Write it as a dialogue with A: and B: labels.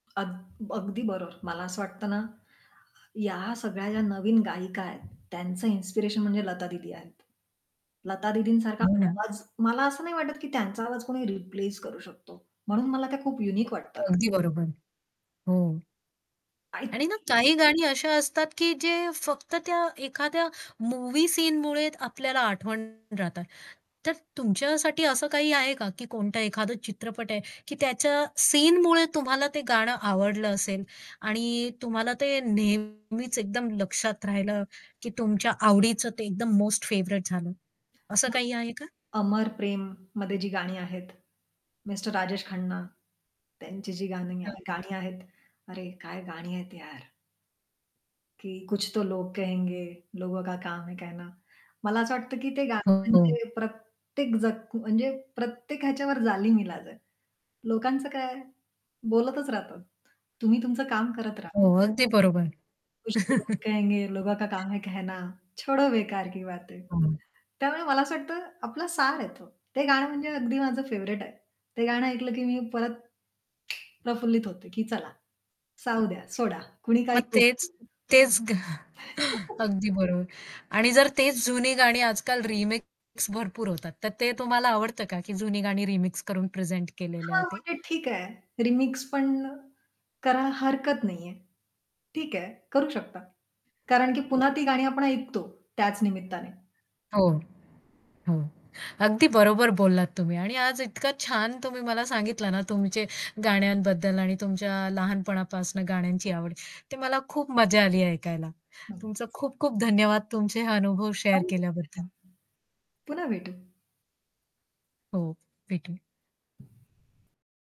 A: अग अगदी बरोबर. मला असं वाटतं ना, ह्या सगळ्या ज्या नवीन गायिका आहेत, त्यांचं इन्स्पिरेशन म्हणजे लता दीदी आहेत. लता दीदींसारखा
B: हो ना.
A: आवाज मला असं नाही वाटत, की त्यांचा आवाज कोणी रिप्लेस करू शकतो. म्हणून मला त्या खूप युनिक वाटतात.
B: अगदी बरोबर. हो. आणि ना
A: [unintelligible]
B: काही गाणी अशी असतात, की जे फक्त त्या एखाद्या मूव्ही सीनमुळे आपल्याला आठवण राहतात. तर तुमच्यासाठी असं काही आहे का, की कोणता एखादा चित्रपट आहे, की त्याच्या सीनमुळे तुम्हाला ते गाणं आवडलं असेल आणि तुम्हाला ते नेहमीच एकदम लक्षात राहिलं, की तुमच्या आवडीचं ते एकदम मोस्ट फेव्हराइट झालं, असं काही आहे का?
A: [unintelligible] अमर प्रेममध्ये जी गाणी आहेत, मिस्टर राजेश खन्ना, त्यांची जी गाणी
B: हं, हं.
A: गाणी आहेत. अरे काय गाणी आहेत यार! की कुछ तो लोग कहेंगे लोगों का काम है ना. मला असं वाटतं, की ते गाणं
B: हो.
A: म्हणजे प्रत्येक जख म्हणजे प्रत्येक ह्याच्यावर जालीम ईलाज आहे. लोकांचं काय बोलतच राहतात. तुम्ही तुमचं काम करत राहा.
B: हो अगदी बरोबर.
A: कुछ तो लोग कहेंगे लोगों का काम है कहना, छोडो बेकार की बातें.
B: हं.
A: त्यामुळे मला असं वाटतं, आपला सार आहे तो. ते गाणं म्हणजे अगदी माझं फेव्हरेट आहे. ते गाणं ऐकलं की मी परत प्रफुल्लित होते, की चला जाऊ द्या, सोडा कुणी काही
B: मग
A: बोलू
B: तेच
A: दे.
B: तेच अगदी बरोबर आणि जर तेच जुनी गाणी आजकाल रिमिक्स भरपूर होतात, तर ते तुम्हाला आवडतं का की जुनी गाणी रिमिक्स करून प्रेझेंट केलेलं
A: हां,
B: आहे ते?
A: म्हणजे ठीक आहे. रिमिक्स पण करा हरकत नाहीये. ठीक आहे. करू शकता. कारण की पुन्हा ती गाणी आपण ऐकतो त्याच निमित्ताने.
B: हो. हो. अगदी बरोबर बोललात तुम्ही आणि आज इतका छान तुम्ही मला सांगितलं ना, तुमचे गाण्यांबद्दल आणि तुमच्या लहानपणापासून गाण्यांची आवड, ते मला खूप मजा आली ऐकायला.
A: नक्कीच.
B: तुमचा खूप-खूप धन्यवाद तुमचे हे अनुभव शेअर केल्याबद्दल.
A: [unintelligible] पुन्हा भेटू.
B: हो. भेटू.